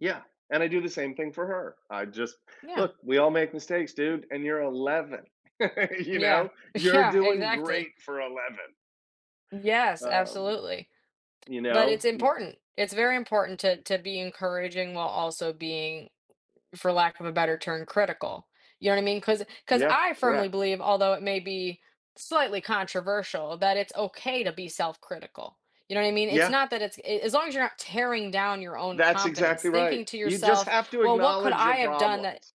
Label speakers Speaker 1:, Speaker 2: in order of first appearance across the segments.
Speaker 1: Yeah, and I do the same thing for her, I just
Speaker 2: Yeah.
Speaker 1: look, we all make mistakes, dude, and you're 11, you
Speaker 2: Yeah,
Speaker 1: know, you're
Speaker 2: yeah,
Speaker 1: doing
Speaker 2: exactly.
Speaker 1: great for 11.
Speaker 2: Yes,
Speaker 1: Um,
Speaker 2: absolutely.
Speaker 1: you
Speaker 2: But
Speaker 1: know,
Speaker 2: it's
Speaker 1: i
Speaker 2: important, it's very important to to be encouraging while also being, for lack of a better term, critical, you know what I mean, 'cause 'cause
Speaker 1: Yeah,
Speaker 2: I firmly
Speaker 1: correct.
Speaker 2: believe, although it may be slightly controversial, that it's okay to be self-critical, you know what I mean? It's
Speaker 1: Yeah.
Speaker 2: not that it's i i as long as you're not tearing down your own
Speaker 1: That's
Speaker 2: confidence,
Speaker 1: exactly right.
Speaker 2: thinking to
Speaker 1: You, just,
Speaker 2: yourself,
Speaker 1: have to
Speaker 2: "Well, what could
Speaker 1: acknowledge your
Speaker 2: I have done that"
Speaker 1: problems,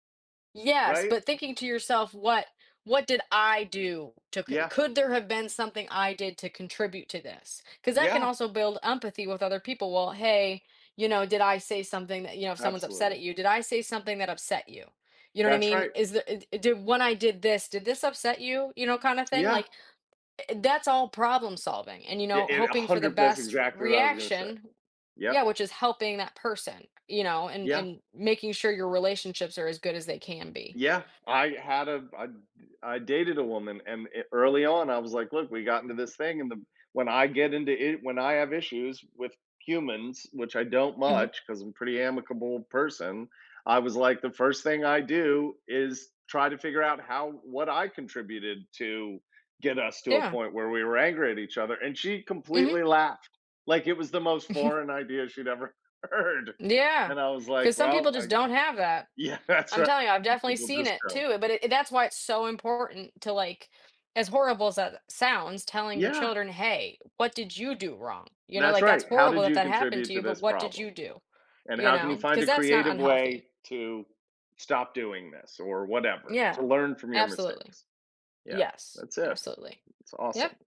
Speaker 2: Yes,
Speaker 1: right?
Speaker 2: but thinking to yourself, "What what did I do to"
Speaker 1: Yeah
Speaker 2: "Could there have been something I did to contribute to this," 'cause that can
Speaker 1: Yeah.
Speaker 2: also build empathy with other people, well, "Hey, you know, did I say something that" you know, if someone's upset at
Speaker 1: Absolutely.
Speaker 2: you, "Did I say something that upset you?" You know what I
Speaker 1: That's
Speaker 2: mean?
Speaker 1: right.
Speaker 2: Is there it d "When I did this, did this upset you?" you know, kinda, thing,
Speaker 1: Yeah.
Speaker 2: like, e that's all problem solving, and, you
Speaker 1: I
Speaker 2: know,
Speaker 1: it a
Speaker 2: hoping for the
Speaker 1: 100, that's
Speaker 2: best
Speaker 1: exactly what I was gonna say.
Speaker 2: reaction
Speaker 1: Yep.
Speaker 2: Yeah, which is helping that person, you know, and
Speaker 1: Yeah.
Speaker 2: and making sure your relationships are as good as they can be.
Speaker 1: Yeah, I had a I d I dated a woman and e early on I was like, "Look, we got into this thing and them, when I get into it, when I have issues with humans, which I don't
Speaker 2: Mhm.
Speaker 1: much 'cause I'm a pretty amicable person," I was, like, "The first thing I do is try to figure out how what I contributed to get us to a
Speaker 2: Yeah.
Speaker 1: point where we were angry at each other," and she
Speaker 2: Mhm.
Speaker 1: completely laughed, like, it was the most
Speaker 2: Mhm.
Speaker 1: foreign idea she'd ever heard,
Speaker 2: Yeah,
Speaker 1: and I was
Speaker 2: 'cause
Speaker 1: like,
Speaker 2: some
Speaker 1: "Well,
Speaker 2: people, just,
Speaker 1: I g"
Speaker 2: don't have that.
Speaker 1: Yeah, that's
Speaker 2: I'm
Speaker 1: right,
Speaker 2: telling you, I've
Speaker 1: and
Speaker 2: definitely
Speaker 1: people,
Speaker 2: seen
Speaker 1: just,
Speaker 2: it
Speaker 1: go.
Speaker 2: too, but i that's why it's so important to, like as horrible as that a sounds, telling your
Speaker 1: Yeah.
Speaker 2: children, "Hey, what did you do wrong," you know,
Speaker 1: That's
Speaker 2: like, "That's
Speaker 1: right. How
Speaker 2: horrible
Speaker 1: did
Speaker 2: that
Speaker 1: you
Speaker 2: that happened to
Speaker 1: contribute to
Speaker 2: you, but
Speaker 1: this
Speaker 2: what did
Speaker 1: problem?
Speaker 2: you do?"
Speaker 1: and
Speaker 2: you
Speaker 1: how can you
Speaker 2: know,
Speaker 1: find
Speaker 2: cause
Speaker 1: a
Speaker 2: that's not
Speaker 1: creative
Speaker 2: unhealthy.
Speaker 1: way to stop doing this or whatever,
Speaker 2: Yeah,
Speaker 1: to learn from your
Speaker 2: absolutely.
Speaker 1: mistakes. Yeah,
Speaker 2: Yes,
Speaker 1: that's it.
Speaker 2: absolutely.
Speaker 1: It's awesome.
Speaker 2: Yup.